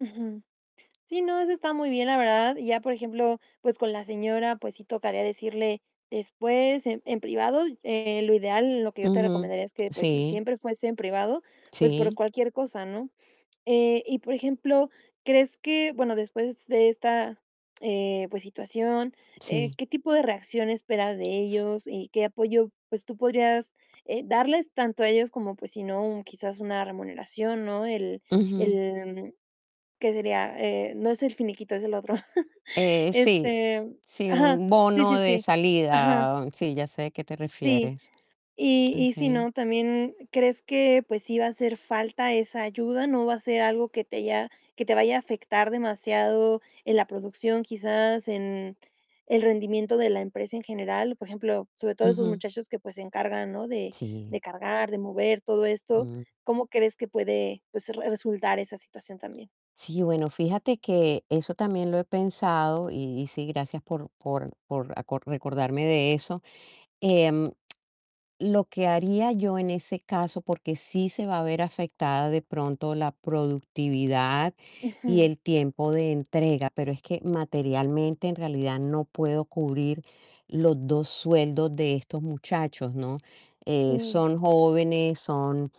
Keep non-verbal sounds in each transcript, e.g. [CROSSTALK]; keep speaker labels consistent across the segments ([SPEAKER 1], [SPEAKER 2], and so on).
[SPEAKER 1] Ujú. Sí, no, eso está muy bien, la verdad. Y ya, por ejemplo, pues, con la señora, pues sí, tocaría decirle después en en privado. Eh, lo ideal, lo que yo te
[SPEAKER 2] Ujú,
[SPEAKER 1] recomendaría es que, pues sí,
[SPEAKER 2] sí.
[SPEAKER 1] siempre fuese en privado, pues, por
[SPEAKER 2] Sí.
[SPEAKER 1] cualquier cosa, ¿no? Eh, y por ejemplo, ¿crees que, bueno, después de esta, eh, pues situación, eh,
[SPEAKER 2] Sí.
[SPEAKER 1] qué tipo de reacción esperas de ellos y qué apoyo, pues tú podrías, eh, darles tanto a ellos como pues, si no quizás una remuneración, ¿no? El
[SPEAKER 2] Ujú.
[SPEAKER 1] el, mm, ¿qué sería? Eh, no es el finiquito, es el otro. [CHUCKLES]
[SPEAKER 2] Eh, sí
[SPEAKER 1] Este
[SPEAKER 2] sí,
[SPEAKER 1] ajá,
[SPEAKER 2] un
[SPEAKER 1] sí,
[SPEAKER 2] bono
[SPEAKER 1] sí,
[SPEAKER 2] de
[SPEAKER 1] sí Ajá.
[SPEAKER 2] salida. Sí, ya sé de qué te
[SPEAKER 1] Sí.
[SPEAKER 2] refieres.
[SPEAKER 1] Y y si
[SPEAKER 2] Okey.
[SPEAKER 1] no, también, ¿crees que pues, sí va a hacer falta esa ayuda? ¿No va a ser algo que te haya que te vaya a afectar demasiado en la producción, quizás en el rendimiento de la empresa en general? Por ejemplo, sobre todo esos
[SPEAKER 2] Ujú.
[SPEAKER 1] muchachos que pues, se encargan, ¿no? De
[SPEAKER 2] Sí.
[SPEAKER 1] de cargar, de mover todo esto,
[SPEAKER 2] Mm.
[SPEAKER 1] ¿cómo crees que puede, pues, resultar esa situación también?
[SPEAKER 2] Sí, bueno, fíjate que eso también lo he pensado, y sí, gracias por por por aco recordarme de eso. Em, lo que haría yo en ese caso, porque sí se va a ver afectada de pronto la productividad y
[SPEAKER 1] Ujú.
[SPEAKER 2] el tiempo de entrega, pero es que materialmente, en realidad no puedo cubrir los 2 sueldos de estos muchachos, ¿no? Eh,
[SPEAKER 1] Sí.
[SPEAKER 2] son jóvenes, son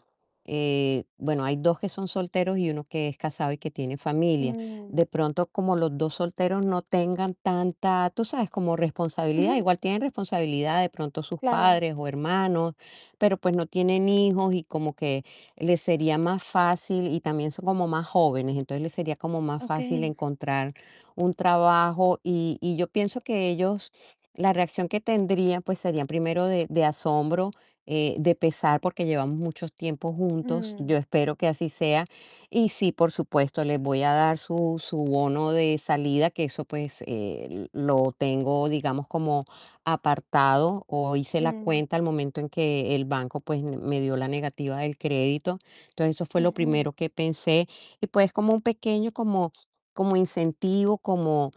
[SPEAKER 2] eh, bueno, hay 2 que son solteros, y 1 que es casado y que tiene familia. De
[SPEAKER 1] Mm.
[SPEAKER 2] pronto, como los 2 solteros no tengan tanta, tú sabes, como responsabilidad,
[SPEAKER 1] Ujú.
[SPEAKER 2] igual tienen responsabilidad, de pronto sus
[SPEAKER 1] Claro.
[SPEAKER 2] padres o hermanos, pero, pues, no tienen hijos y como que les sería más fácil, y también son como más jóvenes, entonces les sería como más fácil
[SPEAKER 1] Okey.
[SPEAKER 2] encontrar un trabajo. Y y yo pienso que ellos la reacción que tendrían, pues, sería primero de de asombro, eh, de pesar, porque llevamos mucho tiempo juntos.
[SPEAKER 1] Mm.
[SPEAKER 2] Yo espero que así sea. Y sí, por supuesto, les voy a dar su su bono de salida, que eso, pues, eh, lo tengo digamos como apartado, o hice la
[SPEAKER 1] Mm.
[SPEAKER 2] cuenta al momento en que el banco, pues, me dio la negativa del crédito. Entonces, eso fue lo
[SPEAKER 1] Ujú.
[SPEAKER 2] primero que pensé. Y pues, como un pequeño, como como incentivo, como: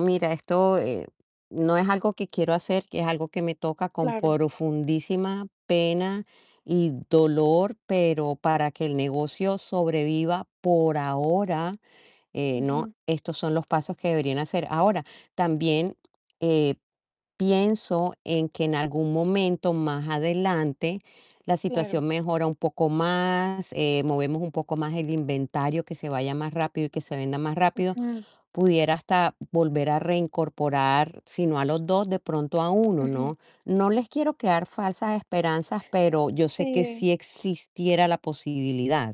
[SPEAKER 2] "Mira, esto, eh, no es algo que quiero hacer, que es algo que me toca con
[SPEAKER 1] Claro.
[SPEAKER 2] profundísima pena y dolor, pero para que el negocio sobreviva por ahora, eh, ¿no?
[SPEAKER 1] Ujú.
[SPEAKER 2] Estos son los pasos que deberían hacer". Ahora, también, eh, pienso en que en algún momento, más adelante, la
[SPEAKER 1] Claro.
[SPEAKER 2] situación mejora un poco más, eh, movemos un poco más el inventario, que se vaya más rápido y que se venda más rápido,
[SPEAKER 1] Ujú.
[SPEAKER 2] pudiera hasta volver a reincorporar, si no a los 2 de pronto a 1,
[SPEAKER 1] Ujú.
[SPEAKER 2] ¿no? No les quiero crear falsas esperanzas, pero yo sé que
[SPEAKER 1] Sí.
[SPEAKER 2] sí existiera la posibilidad.